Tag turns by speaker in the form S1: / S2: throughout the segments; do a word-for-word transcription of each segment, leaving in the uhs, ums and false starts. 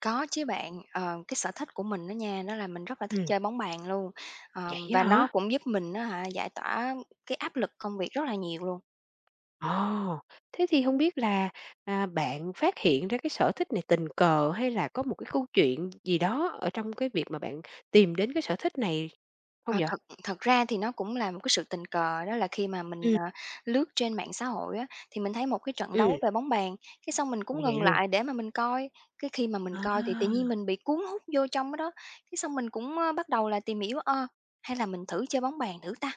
S1: Có chứ bạn, ờ, cái sở thích của mình á nha, nó là mình rất là thích
S2: Ừm.
S1: chơi bóng bàn luôn, ờ,
S2: Vậy á
S1: và nó
S2: hả?
S1: cũng giúp mình á hả, giải tỏa cái áp lực công việc rất là nhiều luôn.
S2: Ồ, thế thì hông biết là, à, bạn phát hiện ra cái sở thích này tình cờ hay là có một cái câu chuyện gì đó ở trong cái việc mà bạn tìm đến cái sở thích này hông
S1: Ờ,
S2: vậy?
S1: thật thật ra thì nó cũng là một cái sự tình cờ, đó là khi mà mình,
S2: Ừm.
S1: à, lướt trên mạng xã hội á, thì mình thấy một cái trận
S2: Ừm.
S1: đấu về bóng bàn. Cái xong mình
S2: Ủa,
S1: cũng
S2: vậy
S1: ngừng
S2: luôn?
S1: lại để mà mình coi, cái khi mà mình coi thì tự nhiên
S2: À.
S1: mình bị cuốn hút vô trong đó đó, cái xong mình cũng, ơ, bắt đầu là tìm hiểu, ơ, hay là mình thử chơi bóng bàn thử ta?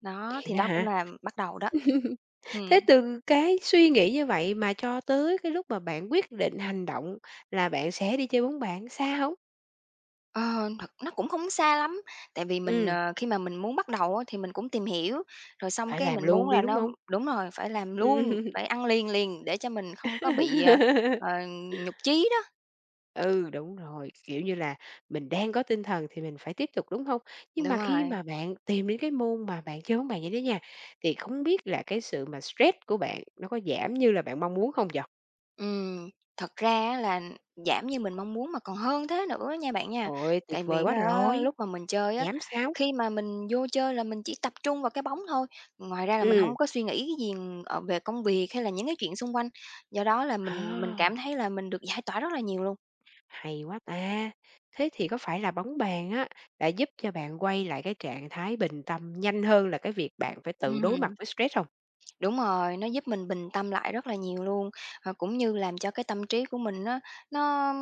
S1: Đó,
S2: Vậy
S1: thì
S2: đó
S1: đó cũng
S2: hả?
S1: là bắt đầu đó. Ừm.
S2: Thế từ cái suy nghĩ như vậy mà cho tới cái lúc mà bạn quyết định hành động là bạn sẽ đi chơi bóng bạn, xa hông?
S1: Ờ, thật nó cũng không xa lắm, tại vì mình,
S2: Ừm.
S1: ờ, khi mà mình muốn bắt đầu á, thì mình cũng tìm hiểu, rồi xong
S2: Phải
S1: cái
S2: làm
S1: mình
S2: luôn
S1: muốn
S2: đi,
S1: là
S2: đúng
S1: nó
S2: hông?
S1: đúng rồi, phải làm luôn,
S2: Ừm,
S1: phải ăn liền liền để cho mình không có bị, ờ, ờ, nhụt chí đó.
S2: Ừ, đúng rồi, kiểu như là, mình đang có tinh thần thì mình phải tiếp tục, đúng hông? Nhưng
S1: Đúng
S2: mà khi
S1: rồi.
S2: mà bạn tìm đến cái môn mà bạn chơi bóng bàn vậy đó nha, thì không biết là cái sự mà stress của bạn nó có giảm như là bạn mong muốn không vậy?
S1: Ừm, thật ra á, là giảm như mình mong muốn mà còn hơn thế nữa á, nha bạn nha.
S2: Hời ơi, tuyệt
S1: Tại
S2: vời
S1: vì
S2: quá
S1: á,
S2: rồi.
S1: lúc mà mình chơi á,
S2: Giảm sao?
S1: khi mà mình vô chơi là mình chỉ tập trung vào cái bóng thôi, ngoài ra là mình
S2: Ừm.
S1: hông có suy nghĩ cái gì, ờ, về công việc hay là những cái chuyện xung quanh, do đó là mình mình cảm
S2: À.
S1: thấy là mình được giải tỏa rất là nhiều luôn.
S2: Hay quá ta. Thế thì có phải là bóng bàn á, đã giúp cho bạn quay lại cái trạng thái bình tâm nhanh hơn là cái việc bạn phải tự
S1: Ừm
S2: đối mặt
S1: hừm.
S2: với stress hông?
S1: Đúng rồi, nó giúp mình bình tâm lại rất là nhiều luôn. Và cũng như làm cho cái tâm trí của mình nó nó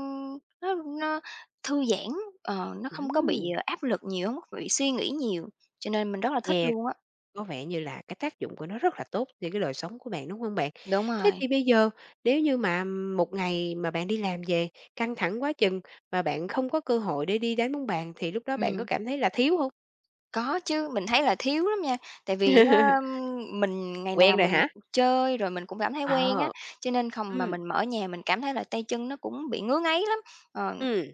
S1: nó nó thư giãn, ờ, nó không có bị,
S2: Ừm!
S1: ờ, áp lực nhiều, hông có bị suy nghĩ nhiều, cho nên mình rất là thích
S2: Nghe
S1: luôn á.
S2: có vẻ như là cái tác dụng của nó rất là tốt cho cái đời sống của bạn, đúng hông bạn?
S1: Đúng
S2: Thế
S1: rồi.
S2: thì bây giờ, nếu như mà một ngày mà bạn đi làm về, căng thẳng quá chừng, mà bạn không có cơ hội để đi đánh bóng bàn thì lúc đó bạn có
S1: Ừm.
S2: cảm thấy là thiếu hông?
S1: Có chứ, mình thấy là thiếu lắm nha, tại vì á, ơm, mình ngày nào
S2: Quen rồi
S1: mình
S2: hả?
S1: [unintelligible] chơi rồi mình cũng cảm thấy quen á,
S2: Ờ.
S1: cho nên khòng mà
S2: Ừm.
S1: mình mà ở nhà mình cảm thấy là tay chân nó cũng bị ngứa ngáy lắm, ờ.
S2: Ừm.